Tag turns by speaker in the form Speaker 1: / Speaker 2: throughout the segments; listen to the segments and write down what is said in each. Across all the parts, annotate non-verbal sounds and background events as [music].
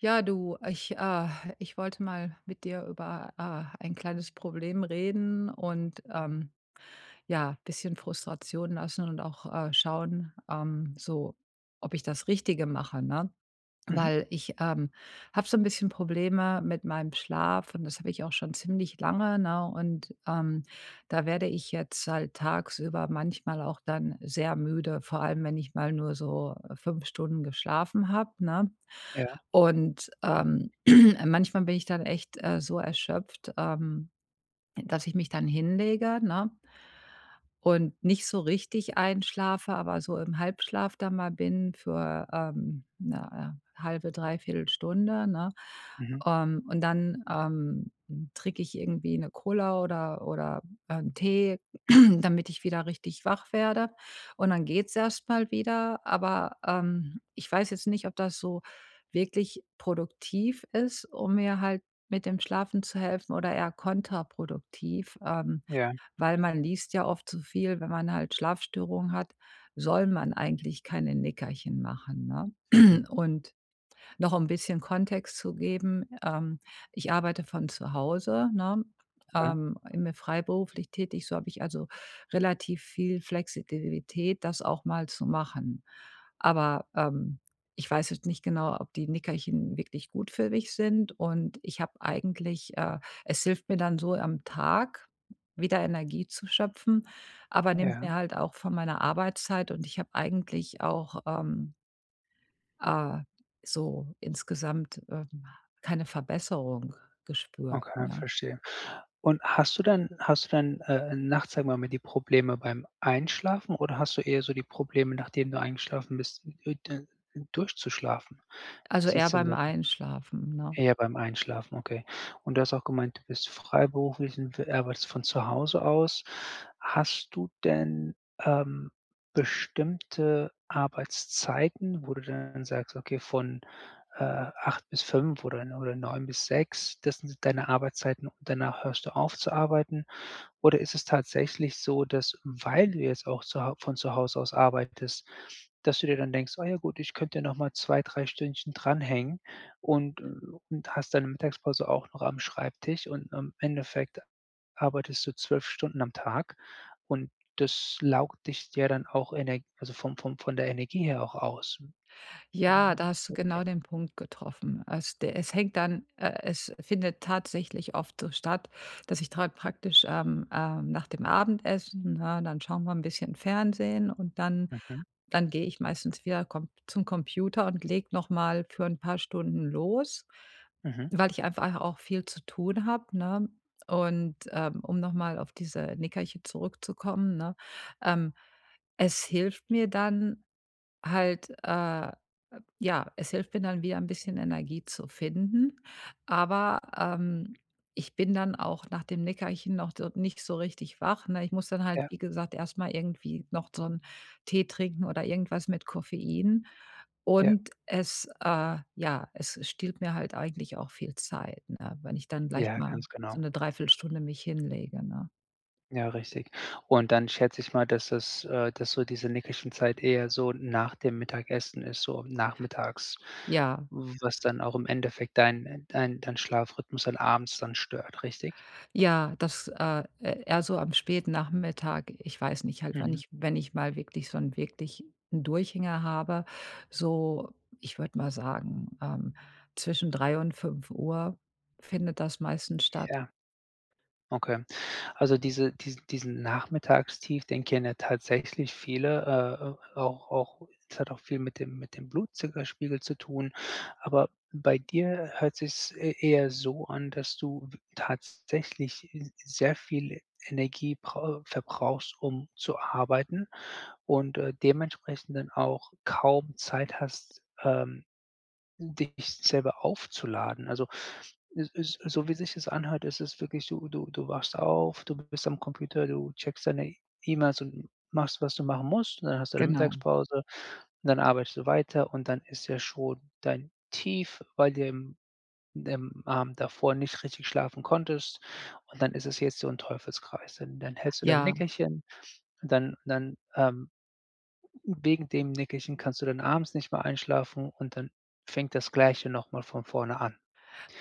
Speaker 1: Ja, du, ich, äh ich wollte mal mit dir über, äh, ein kleines Problem reden. Und, ähm, ja, bisschen Frustration lassen und auch, äh, schauen, ähm, so ob ich das Richtige mache, ne?
Speaker 2: Mhm.
Speaker 1: Weil ich, ähm, habe so 'n bisschen Probleme mit meinem Schlaf und das habe ich auch schon ziemlich lange, ne? Und, ähm, da werde ich jetzt halt tagsüber manchmal auch dann sehr müde, vor allem, wenn ich mal nur so 5 Stunden geschlafen habe, ne?
Speaker 2: Ja.
Speaker 1: Und, ähm, [clears throat] manchmal bin ich dann echt, äh, so erschöpft, ähm, dass ich mich dann hinlege, ne? Und nicht so richtig einschlafe, aber so im Halbschlaf da mal bin für, ähm, 'ne, äh, 1/2, 3/4 Stunde, ne?
Speaker 2: Mhm.
Speaker 1: Ähm, und dann, ähm, trinke ich irgendwie 'ne Cola oder oder 'n Tee, [clears throat] damit ich wieder richtig wach werde. Und dann geht's erstmal wieder, aber, ähm, ich weiß jetzt nicht, ob das so wirklich produktiv ist, um mir halt mit dem Schlafen zu helfen oder eher kontraproduktiv, ähm,
Speaker 2: Ja.
Speaker 1: weil man liest ja oft so viel. Wenn man halt Schlafstörungen hat, soll man eigentlich keine Nickerchen machen, ne?
Speaker 2: Mhm.
Speaker 1: [clears throat] Und noch 'n bisschen Kontext zu geben. Ähm, ich arbeite von zu Hause, ne,
Speaker 2: Okay.
Speaker 1: ähm, immer freiberuflich tätig, so habe ich also relativ viel Flexibilität, das auch mal zu machen. Aber, ähm, ich weiß jetzt nicht genau, ob die Nickerchen wirklich gut für mich sind und ich habe eigentlich, äh es hilft mir dann so am Tag wieder Energie zu schöpfen, aber nimmt
Speaker 2: Ja.
Speaker 1: mir halt auch von meiner Arbeitszeit und ich habe eigentlich auch, ähm äh, so insgesamt, ähm, keine Verbesserung gespürt,
Speaker 2: Okay,
Speaker 1: ne?
Speaker 2: verstehe. Und hast du dann hast du dann, äh, nachts sagen wir mal die Probleme beim Einschlafen oder hast du eher so die Probleme, nachdem du eingeschlafen bist, u d u durchzuschlafen, wie
Speaker 1: Also,
Speaker 2: sieht
Speaker 1: eher
Speaker 2: es denn
Speaker 1: beim
Speaker 2: bei dir
Speaker 1: Einschlafen, ne.
Speaker 2: eher beim Einschlafen, okay. Und du hast auch gemeint, du bist freiberuflich und, äh, arbeitest von zu Hause aus. Hast du denn, ähm, bestimmte Arbeitszeiten, wo du dann sagst: „Okay, von, äh, 8 bis 5 oder oder 9 bis 6, das sind deine Arbeitszeiten und danach hörst du auf zu arbeiten?“ Oder ist es tatsächlich so, dass, weil du jetzt auch zuhau von zu Hause aus arbeitest, dass du dir dann denkst: „Ah ja, gut, ich könnte nochmal 2, 3 Stündchen dranhängen“ und, äh und hast deine Mittagspause auch noch am Schreibtisch und im Endeffekt arbeitest du 12 Stunden am Tag und das laugt dich ja dann auch Energ also, vom vom von der Energie her auch aus.
Speaker 1: Ja,
Speaker 2: Mhm,
Speaker 1: da hast du
Speaker 2: okay.
Speaker 1: genau den Punkt getroffen. Als d es hängt dann, äh es findet tatsächlich oft so statt, dass ich da praktisch, ähm, ähm nach dem Abendessen, ne, dann schauen wir 'n bisschen Fernsehen und dann
Speaker 2: Mhm.
Speaker 1: dann gehe ich meistens wieder Com zum Computer und lege noch mal für 'n paar Stunden los,
Speaker 2: Mhm.
Speaker 1: weil ich einfach auch viel zu tun habe, ne? Und, ähm, um noch mal auf diese Nickerchen zurückzukommen, ne? Ähm, es hilft mir dann halt, äh ja, es hilft mir dann wieder ein bisschen Energie zu finden, aber, ähm, ich bin dann auch nach dem Nickerchen noch do nicht so richtig wach, ne? Ich muss dann halt,
Speaker 2: Ja.
Speaker 1: wie gesagt, erstmal irgendwie noch so 'n Tee trinken oder irgendwas mit Koffein.
Speaker 2: Ja.
Speaker 1: Und es, äh ja, es stiehlt mir halt eigentlich auch viel Zeit, ne? Wenn ich dann gleich
Speaker 2: Ja,
Speaker 1: mal
Speaker 2: ganz
Speaker 1: so
Speaker 2: genau.
Speaker 1: 'ne 3/4 Stunde mich hinlege, ne?
Speaker 2: Ja, richtig. Und dann schätze ich mal, dass das äh, dass so diese Nickerchen Zeit eher so n nach dem Mittagessen ist, so nachmittags,
Speaker 1: Ja.
Speaker 2: w was dann auch im Endeffekt deinen, äh, dein dein Schlafrhythmus halt abends dann stört, richtig?
Speaker 1: Ja, das, äh, eh eher so am späten Nachmittag. Ich weiß nicht, halt wann
Speaker 2: Mhm.
Speaker 1: ich wenn ich mal wirklich so 'n wirklich 'n Durchhänger habe, so, ich würde mal sagen, ähm, zwischen 3 und 5 findet das meistens statt.
Speaker 2: Ja. Okay. Also, diese dies diesen Nachmittagstief, den kennen tatsächlich viele, äh, äh, auch auch es hat auch viel mit dem mit dem Blutzuckerspiegel zu tun. Aber bei dir hört sich es eh eher so an, dass du w tatsächlich s sehr viel E Energie brau verbrauchst, um zu arbeiten und, äh, dementsprechend dann auch kaum Zeit hast, ähm, dich selber aufzuladen. Also, es ist so wie sich das anhört, ist es wirklich so, du du wachst auf, du bist am Computer, du checkst deine E-Mails und machst, was du machen musst und dann hast du deine
Speaker 1: Genau.
Speaker 2: Mittagspause und dann arbeitest du weiter und dann ist ja schon dein Tief, weil du ja am im Abend davor nicht richtig schlafen konntest. Und dann ist es jetzt so 'n Teufelskreis, dann dann hältst du dein
Speaker 1: Ja.
Speaker 2: Nickerchen, dann dann, ähm, u wegen dem Nickerchen kannst du dann abends nicht mehr einschlafen und dann fängt das Gleiche nochmal von vorne an.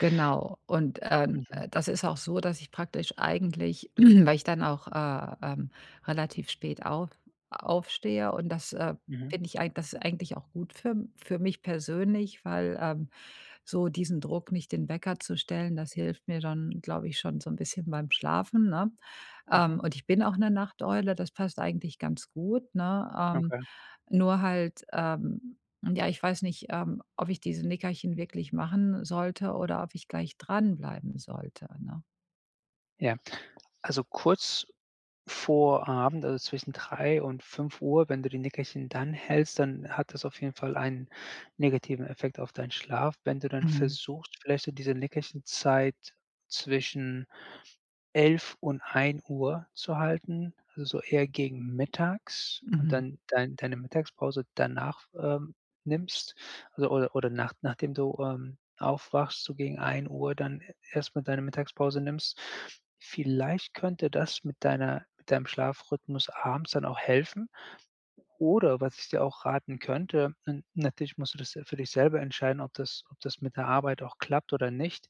Speaker 1: Genau. Und, äh, n
Speaker 2: Mhm.
Speaker 1: äh, das ist auch so, dass ich praktisch eigentlich [clears throat] weil ich dann auch, äh, ähm, relativ spät auf aufstehe und das, äh,
Speaker 2: Mhm.
Speaker 1: finde ich eig das eigentlich auch gut für m für mich persönlich, weil, ähm, so diesen Druck nicht den Wecker zu stellen, das hilft mir dann, glaube ich schon so 'n bisschen beim Schlafen, ne, ähm,
Speaker 2: Mhm.
Speaker 1: und ich bin auch 'ne Nachteule, das passt eigentlich ganz gut, ne, ähm,
Speaker 2: Okay.
Speaker 1: nur halt ähm, ja, ich weiß nicht, ähm, ob ich diese Nickerchen wirklich machen sollte oder ob ich gleich dran bleiben sollte, ne?
Speaker 2: Ja, also, kurz vor Abend, also, zwischen 3:00 und 5:00, wenn du die Nickerchen dann hältst, dann hat das auf jeden Fall ein negativen Effekt auf deinen Schlaf. Wenn du dann
Speaker 1: Mhm.
Speaker 2: versuchst, vielleicht so diese Nickerchenzeit zwischen 11:00 und 1:00 zu halten, also, so eher gegen Mittags und
Speaker 1: Mhm.
Speaker 2: dann dein deine Mittagspause danach, ähm, nimmst, also oder oder nach nachdem du, ähm, aufwachst, so gegen 13:00 dann e erstmal deine Mittagspause nimmst. Vielleicht könnte das mit deiner mit deinem Schlafrhythmus abends dann auch helfen. Oder was ich dir auch raten könnte, na natürlich musst du das se für dich selber entscheiden, ob das ob das mit der Arbeit auch klappt oder nicht.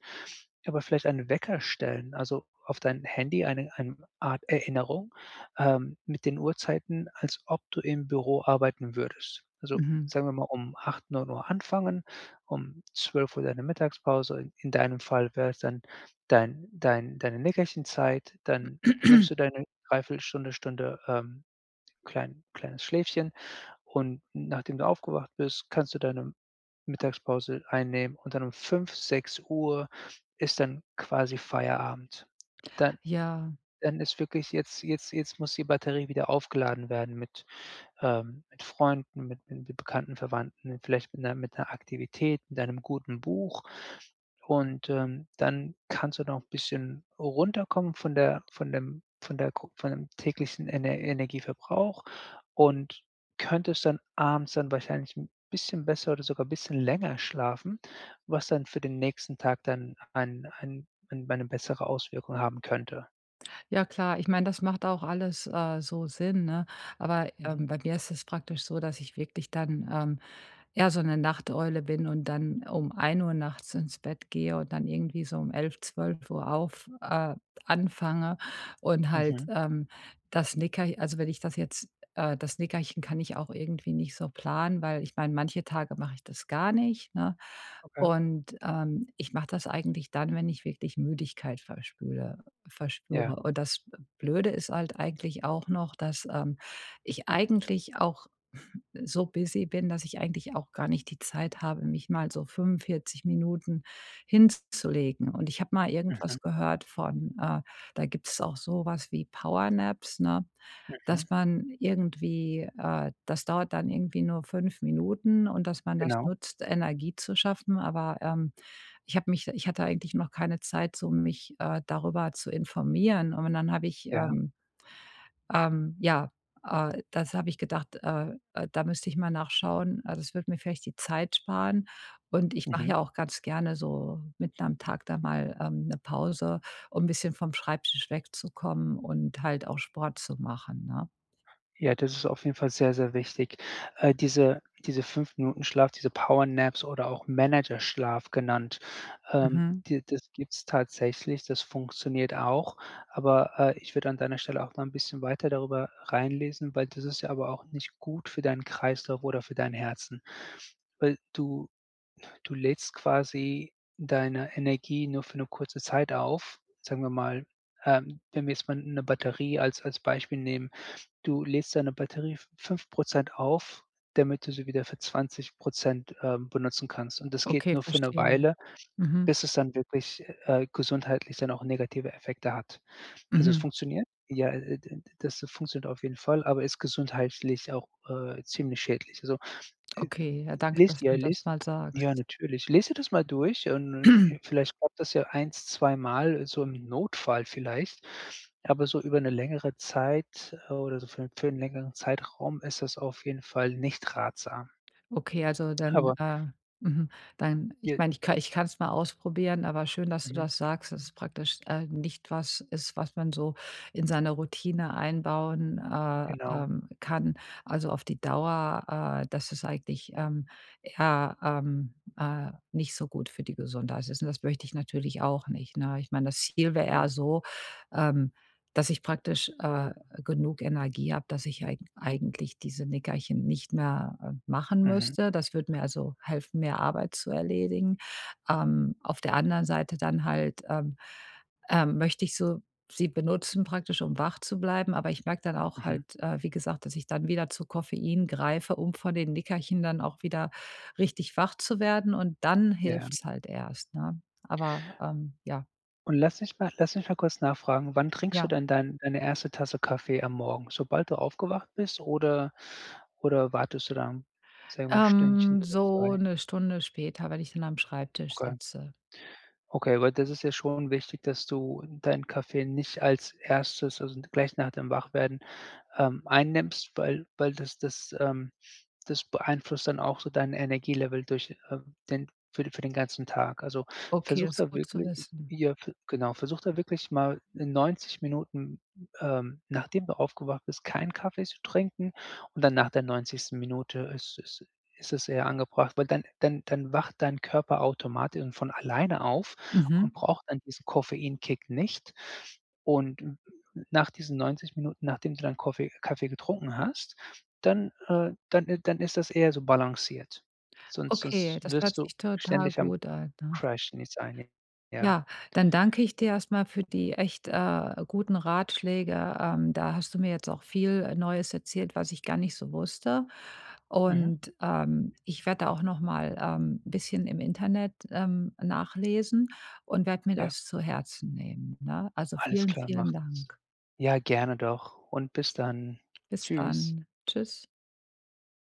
Speaker 2: Aber vielleicht einen Wecker stellen, also, auf dein Handy eine ein Art Erinnerung, ähm, mit den Uhrzeiten, als ob du im Büro arbeiten würdest. Also,
Speaker 1: Mhm.
Speaker 2: sagen wir mal um 8, 9:00 anfangen, um 12:00 deine Mittagspause, in deinem Fall wäre es dann dein dein deine Nickerchenzeit, dann nimmst
Speaker 1: [clears throat]
Speaker 2: du deine 0,75 Stunde, Stunde, ähm, klein kleines Schläfchen. Und nachdem du aufgewacht bist, kannst du deine Mittagspause einnehmen und dann um 5, 6:00 ist dann quasi Feierabend. Dann
Speaker 1: Ja.
Speaker 2: dann ist wirklich jetzt jetzt jetzt muss die Batterie wieder aufgeladen werden mit, ähm mit Freunden, mit mit irgendwie Bekannten, Verwandten. Vielleicht mit 'ner mit 'ner Aktivität, mit einem guten Buch und, ähm, dann kannst du noch 'n bisschen runterkommen von der von dem von der gro von dem täglichen Ener Energieverbrauch und könntest dann abends dann wahrscheinlich 'n bisschen besser oder sogar bisschen länger schlafen, was dann für den nächsten Tag dann an an an eine bessere Auswirkung haben könnte.
Speaker 1: Ja klar, ich meine, das macht auch alles, äh, so Sinn, ne? Aber,
Speaker 2: Mhm.
Speaker 1: ähm, bei mir ist es praktisch so, dass ich wirklich dann, ähm, eher so 'ne Nachteule bin und dann um 1:00 nachts ins Bett gehe und dann irgendwie so um 11, 12:00 auf äh, anfange und halt,
Speaker 2: Mhm.
Speaker 1: ähm, das Nickerch also, wenn ich das jetzt, äh das Nickerchen kann ich auch irgendwie nicht so planen. Weil, ich meine, manche Tage mache ich das gar nicht, ne?
Speaker 2: Okay.
Speaker 1: Und, ähm, ich mache das eigentlich dann, wenn ich wirklich Müdigkeit verspüre
Speaker 2: Ja.
Speaker 1: verspüre. Aber das B Blöde ist halt eigentlich auch noch, dass, ähm, ich eigentlich auch so busy bin, dass ich eigentlich auch gar nicht die Zeit habe, mich mal so 45 Minuten hinzulegen. Und ich habe mal
Speaker 2: Mhm.
Speaker 1: irgendwas gehört von, äh da gibt's auch so was wie Power Naps, ne,
Speaker 2: Mhm.
Speaker 1: dass man irgendwie, äh das dauert dann irgendwie nur 5 Minuten und dass man das
Speaker 2: Genau.
Speaker 1: nutzt, Energie zu schaffen. Aber, ähm, ich habe mich ich hatte eigentlich noch keine Zeit, so mich, äh, darüber zu informieren. Und dann habe ich,
Speaker 2: Ja.
Speaker 1: ähm, ähm ja, äh, das habe ich gedacht, äh, äh, da müsste ich mal nachschauen. Also, das würde mir vielleicht die Zeit sparen. Und ich mache
Speaker 2: Mhm.
Speaker 1: ja auch ganz gerne so mitten am Tag dann mal, ähm, 'ne Pause, um bisschen vom Schreibtisch wegzukommen und halt auch Sport zu machen, ne?
Speaker 2: Ja, das ist auf jeden Fall sehr, sehr wichtig. Äh, diese diese 5 Minuten Schlaf, diese Power Naps oder auch Managerschlaf genannt, ähm,
Speaker 1: Mhm.
Speaker 2: die das gibt's tatsächlich. Das funktioniert auch, aber, äh, ich würde an deiner Stelle auch mal 'n bisschen weiter darüber reinlesen, weil das ist ja aber auch nicht gut für deinen Kreislauf oder für dein Herzen. Weil du du lädst quasi deine Energie nur für 'ne kurze Zeit auf. Sagen wir mal, ähm, wenn wir jetzt mal 'n 'ne Batterie als als Beispiel nehmen: Du lädst deine Batterie f 5 % auf, damit du sie wieder für 20 %, ähm, benutzen kannst. Und das geht
Speaker 1: Okay,
Speaker 2: nur für 'ne
Speaker 1: verstehe,
Speaker 2: Weile,
Speaker 1: mhm.
Speaker 2: bis es dann wirklich, äh, gesundheitlich dann auch negative Effekte hat. Also, es
Speaker 1: Mhm.
Speaker 2: funktioniert, ja, äh, d d das das funktioniert auf jeden Fall, aber ist gesundheitlich auch, äh, ziemlich schädlich. Also, äh,
Speaker 1: Okay, ja
Speaker 2: äh,
Speaker 1: danke,
Speaker 2: lies
Speaker 1: dass
Speaker 2: ja,
Speaker 1: du mir das
Speaker 2: lies
Speaker 1: mal sagst.
Speaker 2: Ja, natürlich. Lese dir das mal durch und und
Speaker 1: [clears throat]
Speaker 2: vi vielleicht klappt das ja 1, 2 Mal so im Notfall vielleicht, aber so über 'ne längere Zeit oder so für 'n für 'n längeren Zeitraum ist das auf jeden Fall nicht ratsam.
Speaker 1: Okay, also, dann,
Speaker 2: Aber
Speaker 1: äh, mhm dann ich
Speaker 2: Ja.
Speaker 1: meine, ich ka ich kann es mal ausprobieren, aber schön, dass du
Speaker 2: Mhm.
Speaker 1: das sagst, dass es praktisch, äh, nicht was ist, was man so in seine Routine einbauen, äh,
Speaker 2: Genau.
Speaker 1: ähm, kann, also, auf die Dauer. Äh, das ist eigentlich, ähm, eher, ähm, äh, nicht so gut für die Gesundheit ist. Und das möchte ich natürlich auch nicht, ne? Ich meine, das Ziel wäre eher
Speaker 2: Genau.
Speaker 1: so, ähm, dass ich praktisch, äh, genug Energie habe, dass ich eigen eigentlich diese Nickerchen nicht mehr, äh, machen
Speaker 2: Mhm.
Speaker 1: müsste. Das würde mir, also, helfen, mehr Arbeit zu erledigen. Ähm, auf der anderen Seite dann halt, ähm, äh, möchte ich so sie benutzen, praktisch, um wach zu bleiben. Aber ich merke dann auch halt,
Speaker 2: Mhm.
Speaker 1: äh, wie gesagt, dass ich dann wieder zu Koffein greife, um von den Nickerchen dann auch wieder richtig wach zu werden. Und dann
Speaker 2: Ja.
Speaker 1: hilft's halt erst, ne? Aber, ähm, ja.
Speaker 2: Und lass mich mal lass mich mal kurz nachfragen, wann trinkst du
Speaker 1: Ja.
Speaker 2: denn dein deine 1. Tasse Kaffee am Morgen? Sobald du aufgewacht bist oder oder wartest du dann, sage ich mal 1 Stündchen
Speaker 1: Ähm,
Speaker 2: oder
Speaker 1: so
Speaker 2: 2?
Speaker 1: 1 Stunde später, wenn ich dann am Schreibtisch
Speaker 2: Okay.
Speaker 1: sitze.
Speaker 2: Okay, weil das ist ja schon wichtig, dass du deinen Kaffee nicht als 1., also, gleich nach dem Wachwerden, ähm, einnimmst, weil weil das das, ähm das beeinflusst dann auch so dein Energielevel durch, ähm, den für für den ganzen Tag. Also,
Speaker 1: Okay,
Speaker 2: versuch
Speaker 1: das ist
Speaker 2: da
Speaker 1: gut zu
Speaker 2: wirklich
Speaker 1: wissen.
Speaker 2: j ja, ge genau, versuch da wirklich mal in 90 Minuten, ähm, nachdem du aufgewacht bist, keinen Kaffee zu trinken und dann nach der 90. Minute ist ist ist es eher angebracht. Weil dann dann dann wacht dein Körper automatisch und von alleine auf
Speaker 1: Mhm.
Speaker 2: und braucht dann diesen Koffeinkick nicht. Und n n nach diesen 90 Minuten, nachdem du dann Koffe Kaffee getrunken hast, dann, äh dann, äh dann ist das eher so balanciert. Sonst
Speaker 1: Okay,
Speaker 2: sonst
Speaker 1: das hört
Speaker 2: wirst du
Speaker 1: sich total
Speaker 2: ständig am C
Speaker 1: gut an, ne?
Speaker 2: Crash nichts einnehmen, ja.
Speaker 1: Ja. Dann danke ich dir erstmal für die echt, äh, guten Ratschläge. Ähm, da hast du mir jetzt auch viel, äh, Neues erzählt, was ich gar nicht so wusste.
Speaker 2: Mhm.
Speaker 1: Und, ähm, ich werde da auch nochmal, ähm, bisschen im Internet, ähm, nachlesen und werde mir
Speaker 2: Ja.
Speaker 1: das zu Herzen nehmen, ne? Also
Speaker 2: Alles
Speaker 1: vielen,
Speaker 2: klar, mach
Speaker 1: vielen
Speaker 2: das.
Speaker 1: Dank.
Speaker 2: Ja, gerne doch. Und bis dann.
Speaker 1: Bis
Speaker 2: Tschüss.
Speaker 1: dann. Tschüss.